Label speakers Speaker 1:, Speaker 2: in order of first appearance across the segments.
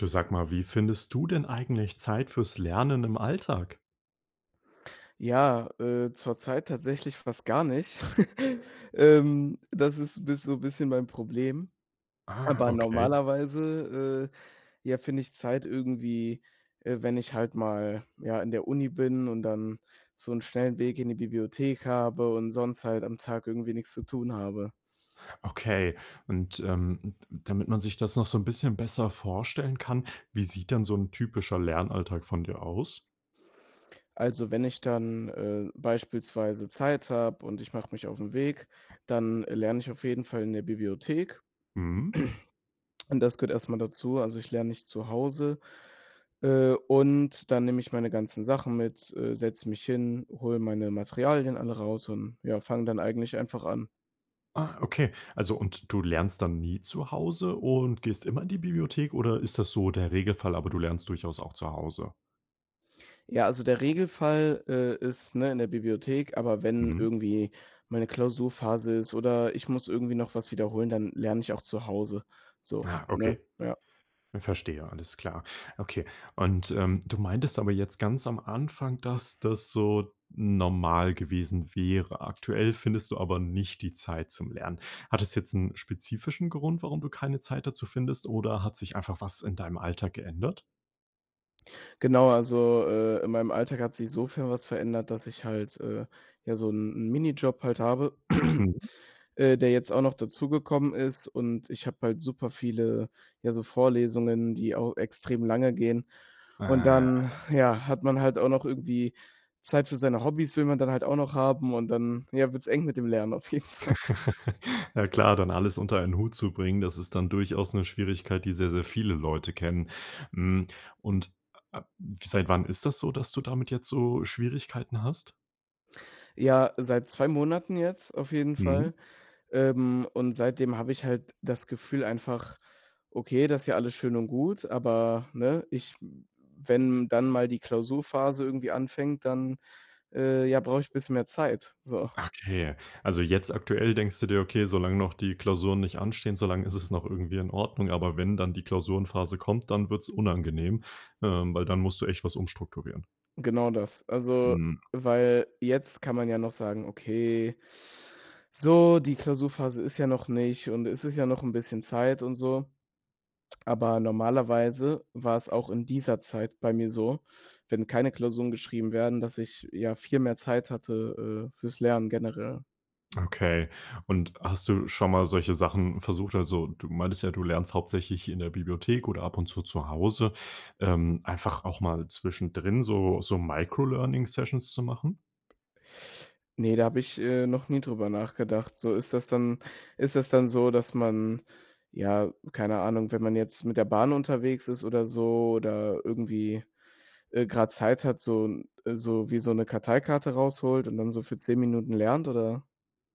Speaker 1: Du sag mal, wie findest du denn eigentlich Zeit für's Lernen im Alltag?
Speaker 2: Ja, äh, zurzeit tatsächlich fast gar nicht. Ähm, das ist bisso bisschen mein Problem,
Speaker 1: Ah,
Speaker 2: aber
Speaker 1: okay.
Speaker 2: normalerweise, äh, ja finde ich Zeit irgendwie, äh, wenn ich halt mal, ja, in der Uni bin und dann so 'n schnellen Weg in die Bibliothek habe und sonst halt am Tag irgendwie nix zu tun habe.
Speaker 1: Okay und, ähm, d damit man sich das noch so 'n bisschen besser vorstellen kann, wie sieht denn so 'n typischer Lernalltag von dir aus?
Speaker 2: Also wenn ich dann, äh, beispielsweise Zeit habe und ich mache mich auf 'n Weg, dann, äh, lerne ich auf jeden Fall in der Bibliothek
Speaker 1: Mhm.
Speaker 2: und das gehört erst mal dazu. Also ich lerne nicht zu Hause, äh, und dann nehme ich meine ganzen Sachen mit, äh, setze mich hin, hole meine Materialien alle raus und ja, fang dann eigentlich einfach an.
Speaker 1: Ah, okay. Also, und du lernst dann nie zu Hause und gehst immer in die Bibliothek oder ist das so der Regelfall, aber du lernst durchaus auch zu Hause?
Speaker 2: Ja, also der Regelfall, äh is, ne, in der Bibliothek, aber wenn
Speaker 1: Mhm.
Speaker 2: irgendwie meine Klausurphase ist oder ich muss irgendwie noch was wiederholen, dann lerne ich auch zu Hause, so,
Speaker 1: Ah
Speaker 2: ne?
Speaker 1: okay,
Speaker 2: Ja.
Speaker 1: verstehe alles klar. Okay, und, ähm, du meintest aber jetzt ganz am Anfang, dass das so normal gewesen wäre. Aktuell findest du aber nicht die Zeit zum Lernen. Hat das jetzt 'n spezifischen Grund, warum du keine Zeit dazu findest oder hat sich einfach was in deinem Alltag geändert?
Speaker 2: Genau, also, äh, in meinem Alltag hat sich sofern was verändert, dass ich halt, äh, ja, so 'n Minijob halt habe,
Speaker 1: Mhm.
Speaker 2: äh, der jetzt auch noch dazugekommen ist und ich habe halt super viele, ja, so Vorlesungen, die auch extrem lange gehen und
Speaker 1: Ah.
Speaker 2: dann ja, hat man halt auch noch irgendwie Zeit für seine Hobbys, will man dann halt auch noch haben und dann, ja, wird's eng mit dem Lernen auf jeden Fall.
Speaker 1: Ja, klar dann alles unter ein Hut zu bringen das ist dann durchaus 'ne Schwierigkeit die sehr sehr viele Leute kennen. Hm, und, äh, seit wann ist das so, dass du damit jetzt so Schwierigkeiten hast?
Speaker 2: Ja, seit 2 Monaten jetzt auf jeden
Speaker 1: Mhm.
Speaker 2: Fall, ähm, und seitdem habe ich halt das Gefühl einfach: Okay, das ist ja alles schön und gut, aber ne, ich wenn dann mal die Klausurphase irgendwie anfängt, dann, äh, ja brauche ich bisschen mehr Zeit, so.
Speaker 1: Okay, also jetzt aktuell denkst du dir: „Okay, solange noch die Klausuren nicht anstehen, solange ist es noch irgendwie in Ordnung, aber wenn dann die Klausurenphase kommt, dann wird's unangenehm,“ ähm, weil dann musst du echt was umstrukturieren.
Speaker 2: Genau das. Also,
Speaker 1: Mhm.
Speaker 2: weil jetzt kann man ja noch sagen: „Okay, so, die Klausurphase ist ja noch nicht und es ist ja noch 'n bisschen Zeit und so,“ aber normalerweise war es auch in dieser Zeit bei mir so, wenn keine Klausuren geschrieben werden, dass ich, ja, viel mehr Zeit hatte, äh, für's Lernen generell.
Speaker 1: Okay und hast du schon mal solche Sachen versucht also, du meintest ja du lernst hauptsächlich in der Bibliothek oder ab und zu zu Hause, ähm, einfach auch mal zwischendrin so so Microlearning Sessions zu machen?
Speaker 2: Ne, da habe ich, äh, noch nie drüber nachgedacht. So ist das dann ist das dann so, dass man ja, keine Ahnung, wenn man jetzt mit der Bahn unterwegs ist oder so oder irgendwie, äh, grade Zeit hat, so 'n, äh, so wie so 'ne Karteikarte rausholt und dann so für 10 Minuten lernt, oder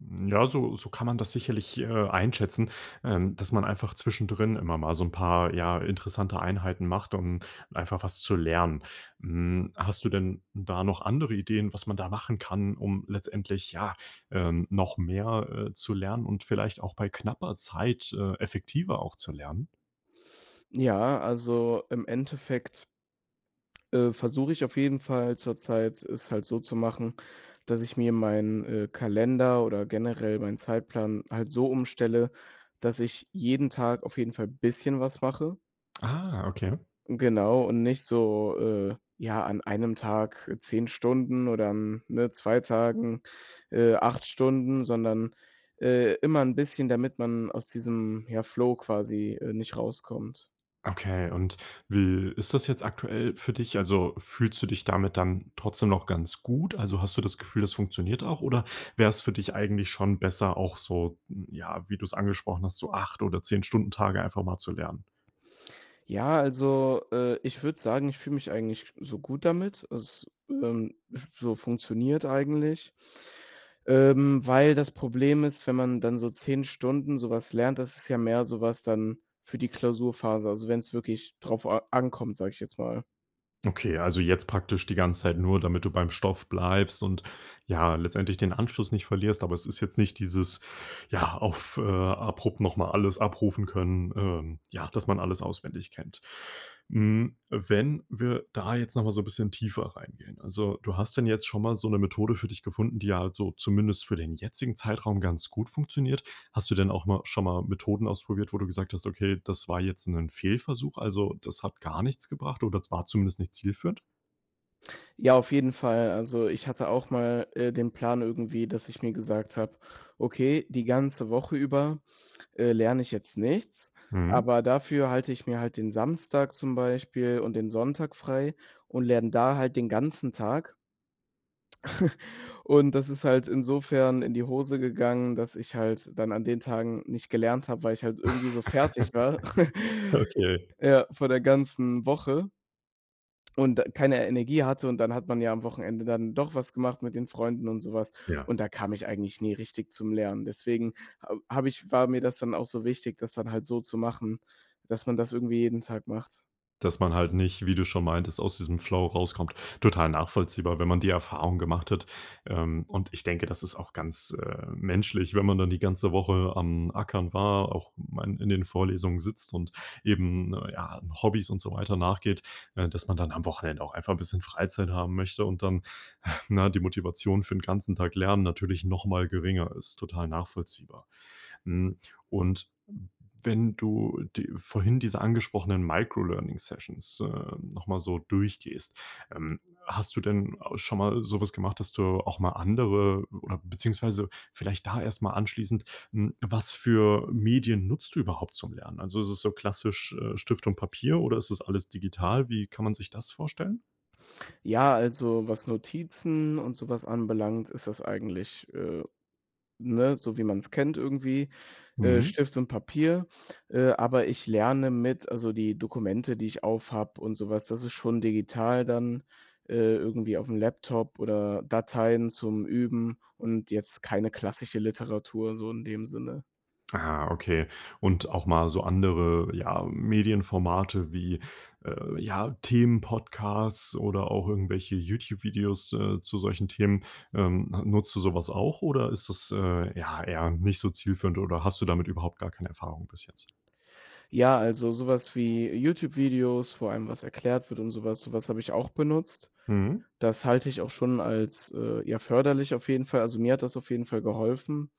Speaker 1: Ja, so so kann man das sicherlich, äh, einschätzen, ähm, dass man einfach zwischendrin immer mal so 'n paar, ja, interessante Einheiten macht, um einfach was zu lernen. Hm, hast du denn da noch andere Ideen, was man da machen kann, um letztendlich ja, ähm, noch mehr, äh, zu lernen und vielleicht auch bei knapper Zeit, äh, effektiver auch zu lernen?
Speaker 2: Ja, also im Endeffekt, äh, versuche ich auf jeden Fall zurzeit, es halt so zu machen, dass ich mir meinen, äh, Kalender oder generell meinen Zeitplan halt so umstelle, dass ich jeden Tag auf jeden Fall bisschen was mache.
Speaker 1: Ah, okay.
Speaker 2: Genau und nicht so, äh, ja, an einem Tag 10 Stunden oder an ne 2 Tagen, äh, 8 Stunden, sondern, äh, immer 'n bisschen, damit man aus diesem, ja, Flow quasi, äh, nicht rauskommt.
Speaker 1: Okay und wie ist das jetzt aktuell für dich? Also, fühlst du dich damit dann trotzdem noch ganz gut? Also, hast du das Gefühl, das funktioniert auch oder wär's für dich eigentlich schon besser auch so, mm, ja wie du's angesprochen hast so 8 oder 10 Stunden-Tage einfach mal zu lernen?
Speaker 2: Ja, also, äh, ich würd sagen, ich fühl mich eigentlich so gut damit. Es, ähm, f so funktioniert eigentlich, ähm, weil das Problem ist, wenn man dann so 10 Stunden so was lernt, das ist ja mehr so was dann für die Klausurphase, also wenn's wirklich drauf a ankommt, sag ich jetzt mal.
Speaker 1: Okay, ja also jetzt praktisch die ganze Zeit nur, damit du beim Stoff bleibst und, ja, letztendlich den Anschluss nicht verlierst, aber es ist jetzt nicht dieses ja, auf äh, abrupt noch mal alles abrufen können, ähm, ja, dass man alles auswendig kennt. Hm, wenn wir da jetzt noch mal so bisschen tiefer reingehen, also, du hast dann jetzt schon mal so 'ne Methode für dich gefunden, die halt so zumindest für den jetzigen Zeitraum ganz gut funktioniert. Hast du denn auch mal schon mal Methoden ausprobiert, wo du gesagt hast: „Okay, das war jetzt 'nen Fehlversuch, also, das hat gar nichts gebracht oder z war zumindest nicht zielführend?“
Speaker 2: Ja, auf jeden Fall. Also ich hatte auch mal, äh, den Plan irgendwie, dass ich mir gesagt habe: „Okay, die ganze Woche über, äh, lerne ich jetzt nichts,
Speaker 1: Mhm.
Speaker 2: aber dafür halte ich mir halt den Samstag zum Beispiel und den Sonntag frei und lerne da halt den ganzen Tag.“ Und das ist halt insofern in die Hose gegangen, dass ich halt dann an den Tagen nicht gelernt habe, weil ich halt irgendwie so fertig war,
Speaker 1: Okay.
Speaker 2: ja, vor der ganzen Woche und da keine Energie hatte und dann hat man ja am Wochenende dann doch was gemacht mit den Freunden und so was.
Speaker 1: Ja.
Speaker 2: Und da kam ich eigentlich nie richtig zum Lernen. Deswegen ha habe ich war mir das dann auch so wichtig, das dann halt so zu machen, dass man das irgendwie jeden Tag macht.
Speaker 1: Dass man halt nicht, wie du schon meintest, aus diesem Flow rauskommt, total nachvollziehbar, wenn man die Erfahrung gemacht hat. Ähm, und ich denke, das ist auch ganz, äh, menschlich, wenn man dann die ganze Woche am Ackern war, auch man in den Vorlesungen sitzt und eben ne, ja, Hobbys und so weiter nachgeht, ne, dass man dann am Wochenende auch einfach 'n bisschen Freizeit haben möchte und dann, ne, die Motivation für 'n ganzen Tag lernen natürlich noch mal geringer ist, total nachvollziehbar. Hm, und wenn du die vorhin diese angesprochenen Microlearning-Sessions, äh, noch mal so durchgehst, ähm, hast du denn schon mal so was gemacht, dass du auch mal andere oder beziehungsweise, vielleicht da erst mal anschließend hm, was für Medien nutzt du überhaupt zum Lernen? Also ist es so klassisch, äh, Stift und Papier oder ist das alles digital? Wie kann man sich das vorstellen?
Speaker 2: Ja, also was Notizen und sowas anbelangt, ist das eigentlich äh, ne, so wie man's kennt irgendwie, äh,
Speaker 1: Mhm.
Speaker 2: Stift und Papier, äh, aber ich lerne mit also die Dokumente, die ich auf habe und sowas, das ist schon digital dann, äh, irgendwie aufm Laptop oder Dateien zum Üben und jetzt keine klassische Literatur so in dem Sinne.
Speaker 1: Ah, okay und auch mal so andere, ja, Medienformate wie, äh, ja Themen Podcasts oder auch irgendwelche Youtube-Videos, äh, zu solchen Themen. Ähm, nutzt du sowas auch oder ist das, äh, ja, eher nicht so zielführend oder hast du damit überhaupt gar keine Erfahrung bis jetzt?
Speaker 2: Ja, also sowas wie Youtube-Videos, vor allem was erklärt wird und sowas sowas habe ich auch benutzt.
Speaker 1: Mhm.
Speaker 2: Das halte ich auch schon als, äh, ja, förderlich auf jeden Fall. Also, mir hat das auf jeden Fall geholfen.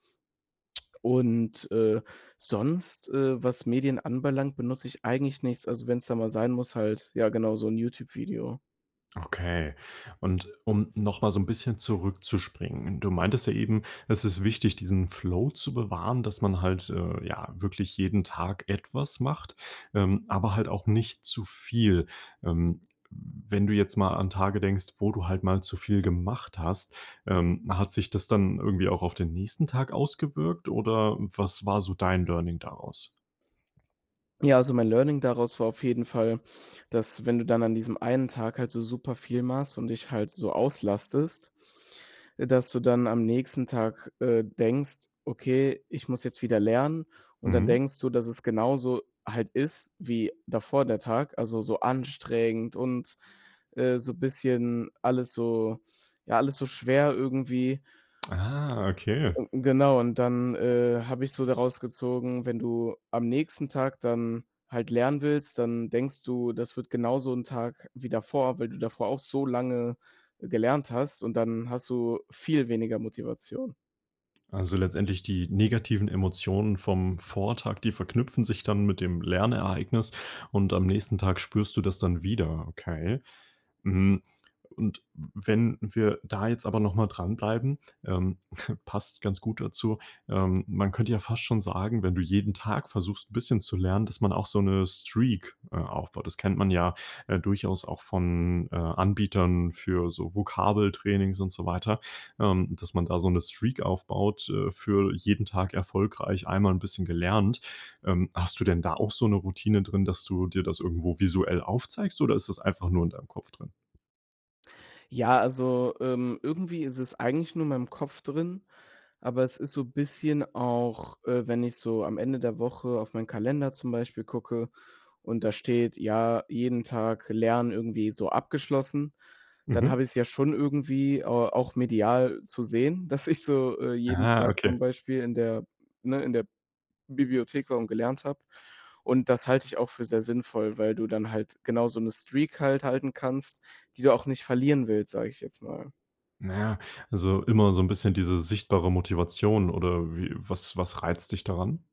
Speaker 2: Und, äh, sonst, äh, was Medien anbelangt, benutze ich eigentlich nichts. Also wenn's da mal sein muss halt ja genau so 'n Youtube-Video.
Speaker 1: Okay und um noch mal so 'n bisschen zurückzuspringen. Du meintest ja eben das ist wichtig diesen Flow zu bewahren dass man halt, äh, ja wirklich jeden Tag etwas macht, ähm, aber halt auch nicht zu viel. Ähm, w wenn du jetzt mal an Tage denkst, wo du halt mal zu viel gemacht hast, ähm, hat sich das dann irgendwie auch auf den nächsten Tag ausgewirkt oder was war so dein Learning daraus?
Speaker 2: Ja, also mein Learning daraus war auf jeden Fall, dass, wenn du dann an diesem einen Tag halt so super viel machst und dich halt so auslastest, äh, dass du dann am nächsten Tag, äh, denkst, okay, ich muss jetzt wieder lernen. Und dann
Speaker 1: Mhm.
Speaker 2: denkst du, dass es genauso halt ist wie davor der Tag, also so anstrengend und, äh, so bisschen alles so ja, alles so schwer irgendwie.
Speaker 1: Ah, okay.
Speaker 2: Genau und dann, äh, habe ich so daraus gezogen, wenn du am nächsten Tag dann halt lernen willst, dann denkst du, das wird genauso 'n Tag wie davor, weil du davor auch so lange gelernt hast und dann hast du viel weniger Motivation.
Speaker 1: Also, letztendlich die negativen Emotionen vom Vortag, die verknüpfen sich dann mit dem Lernereignis und am nächsten Tag spürst du das dann wieder, okay? Hm, und w wenn wir da jetzt aber noch mal dranbleiben, ähm, passt ganz gut dazu. Ähm, man könnte ja fast schon sagen, wenn du jeden Tag versuchst 'n bisschen zu lernen, dass man auch so 'ne Streak, äh, aufbaut. Das kennt man ja, äh, durchaus auch von, äh, Anbietern für so Vokabeltrainings und so weiter, ähm, dass man da so 'ne Streak aufbaut, äh, für jeden Tag erfolgreich einmal 'n bisschen gelernt. Ähm, hast du denn da auch so 'ne Routine drin, dass du dir das irgendwo visuell aufzeigst oder ist das einfach nur in deinem Kopf drin?
Speaker 2: Ja, also, ähm, irgendwie ist es eigentlich nur in meinem Kopf drin, aber es ist so bisschen auch, äh, wenn ich so am Ende der Woche auf meinen Kalender zum Beispiel gucke und da steht, ja, jeden Tag Lernen irgendwie so abgeschlossen, dann
Speaker 1: Mhm.
Speaker 2: habe ich es ja schon irgendwie, ah, auch medial zu sehen, dass ich so, äh, jeden
Speaker 1: Ah.
Speaker 2: Tag zum
Speaker 1: Okay.
Speaker 2: Beispiel in der ne, in der Bibliothek [unintelligible] gelernt habe. Und, das halte ich auch für sehr sinnvoll, weil du dann halt genau so 'ne Streak halt halten kannst, die du auch nicht verlieren willst, sage ich jetzt mal.
Speaker 1: Naja, also immer so 'n bisschen diese sichtbare Motivation oder wie was was reizt dich daran?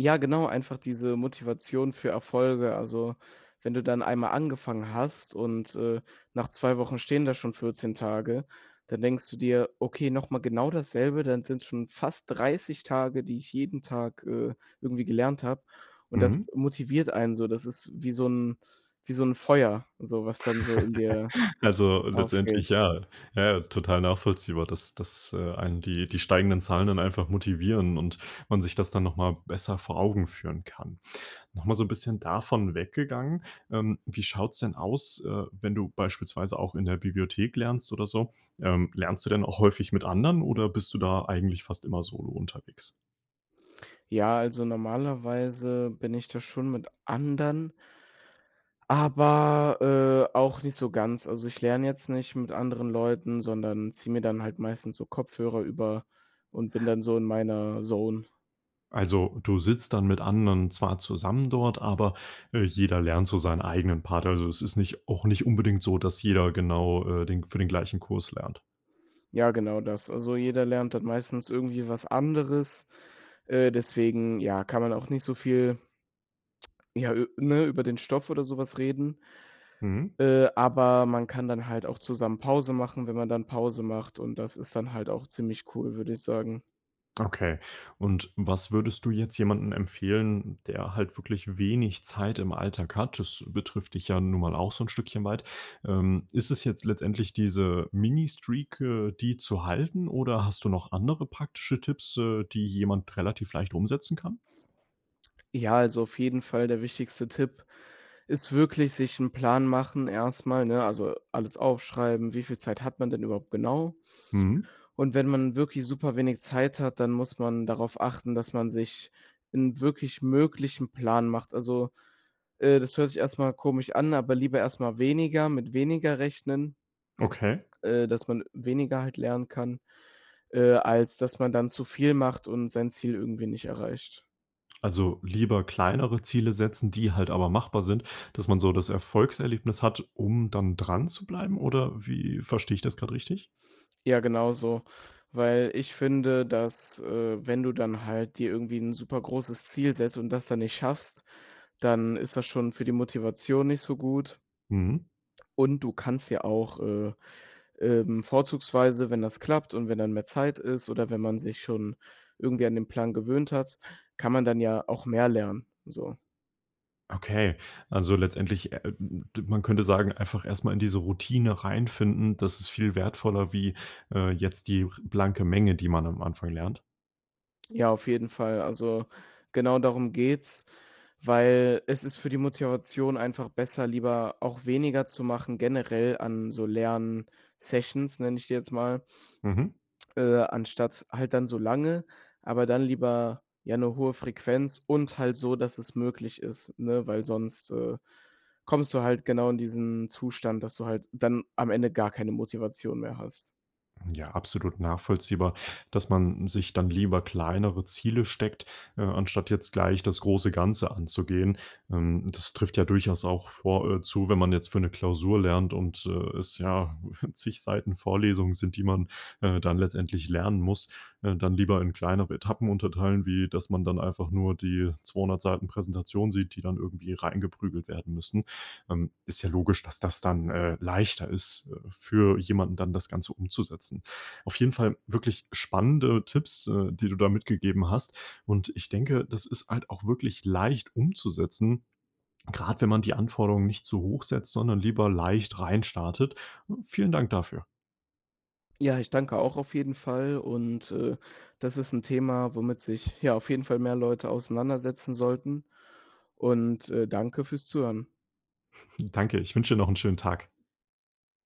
Speaker 2: Ja, genau, einfach diese Motivation für Erfolge. Also, wenn du dann einmal angefangen hast und, äh, nach 2 Wochen stehen da schon 14 Tage, dann denkst du dir: „Okay, noch mal genau dasselbe, dann sind's schon fast 30 Tage, die ich jeden Tag, äh, irgendwie gelernt habe” und das
Speaker 1: Mhm.
Speaker 2: motiviert einen so. Das ist wie so 'n wie so 'n Feuer, so was dann so in dir
Speaker 1: Also,
Speaker 2: aufgeht.
Speaker 1: letztendlich ja, ja, total nachvollziehbar, dass das äh, einen die die steigenden Zahlen dann einfach motivieren und man sich das dann noch mal besser vor Augen führen kann. Noch mal so 'n bisschen davon weggegangen, ähm, wie schaut's denn aus, äh, wenn du beispielsweise auch in der Bibliothek lernst oder so, ähm, lernst du denn auch häufig mit Anderen oder bist du da eigentlich fast immer solo unterwegs?
Speaker 2: Ja, also normalerweise bin ich da schon mit anderen aber, äh, auch nicht so ganz. Also, ich lerne jetzt nicht mit anderen Leuten, sondern ziehe mir dann halt meistens so Kopfhörer über und bin dann so in meiner Zone.
Speaker 1: Also, du sitzt dann mit anderen zwar zusammen dort aber, äh, jeder lernt so seinen eigenen Part. Also, es ist nicht auch nicht unbedingt so, dass jeder genau, äh, den für den gleichen Kurs lernt.
Speaker 2: Ja genau das. Also, jeder lernt dann meistens irgendwie was anderes, äh, deswegen, ja, kann man auch nicht so viel, ja ü ne, über den Stoff oder so was reden,
Speaker 1: Mhm.
Speaker 2: äh, aber man kann dann halt auch zusammen Pause machen, wenn man dann Pause macht und das ist dann halt auch ziemlich cool, würde ich sagen.
Speaker 1: Okay und was würdest du jetzt jemanden empfehlen, der halt wirklich wenig Zeit im Alltag hat? Das betrifft dich ja nun mal auch so 'n Stückchen weit. Ähm, ist es jetzt letztendlich diese Mini Streak, äh, die zu halten oder hast du noch andere praktische Tipps, äh, die jemand relativ leicht umsetzen kann?
Speaker 2: Ja, also auf jeden Fall der wichtigste Tipp ist wirklich, sich 'n Plan machen erst mal, ne, also alles aufschreiben, wie viel Zeit hat man denn überhaupt genau?
Speaker 1: Mhm.
Speaker 2: Und wenn man wirklich super wenig Zeit hat, dann muss man darauf achten, dass man sich 'n wirklich möglichen Plan macht. Also, äh, das hört sich erst mal komisch an, aber lieber erst mal weniger mit weniger rechnen,
Speaker 1: Okay.
Speaker 2: äh, dass man weniger halt lernen kann, äh, als dass man dann zu viel macht und sein Ziel irgendwie nicht erreicht.
Speaker 1: Also, lieber kleinere Ziele setzen, die halt aber machbar sind, dass man so das Erfolgserlebnis hat, um dann dran zu bleiben oder wie verstehe ich das grad richtig?
Speaker 2: Ja, genau so, weil ich finde, dass, äh, wenn du dann halt dir irgendwie 'n super großes Ziel setzt und das dann nicht schaffst, dann ist das schon für die Motivation nicht so gut.
Speaker 1: Mhm.
Speaker 2: Und, du kannst ja auch, äh, ähm, vorzugsweise wenn das klappt und wenn dann mehr Zeit ist oder wenn man sich schon irgendwie an den Plan gewöhnt hat, kann man dann ja auch mehr lernen, so.
Speaker 1: Okay, also letztendlich, äh äh, m m d man könnte sagen, einfach erst mal in diese Routine reinfinden. Das ist viel wertvoller wie, äh, jetzt die r blanke Menge, die man am Anfang lernt.
Speaker 2: Ja, auf jeden Fall. Also, genau darum geht's, weil es ist für die Motivation einfach besser, lieber auch weniger zu machen generell an so Lern Sessions nenne ich die jetzt mal,
Speaker 1: Mhm.
Speaker 2: äh, anstatt halt dann so lange, aber dann lieber, ja, 'ne hohe Frequenz und halt so, dass es möglich ist, ne, weil sonst, äh, kommst du halt genau in diesen Zustand, dass du halt dann am Ende gar keine Motivation mehr hast.
Speaker 1: Hm, ja, absolut nachvollziehbar, dass man sich dann lieber kleinere Ziele steckt, äh, anstatt jetzt gleich das große Ganze anzugehen. Ähm, das trifft ja durchaus auch vor äh, zu, wenn man jetzt für 'ne Klausur lernt und, äh, es ja zig Seiten Vorlesungen sind, die man, äh, dann letztendlich lernen muss, ne, dann lieber in kleinere Etappen unterteilen, wie, dass man dann einfach nur die 200 Seiten Präsentation sieht, die dann irgendwie reingeprügelt werden müssen. Ähm, ist ja logisch, dass das dann, äh, leichter ist, äh, für jemanden dann das Ganze umzusetzen. Auf jeden Fall wirklich spannende Tipps, äh, die du da mitgegeben hast. Und, ich denke das ist halt auch wirklich leicht umzusetzen, grad wenn man die Anforderungen nicht zu hoch setzt sondern lieber leicht rein startet. Vielen Dank dafür.
Speaker 2: Ja, ich danke auch auf jeden Fall und, äh, das ist 'n Thema, womit sich ja, auf jeden Fall mehr Leute auseinandersetzen sollten und, äh, danke fürs Zuhören.
Speaker 1: Danke, ich wünsch dir noch 'n schönen Tag.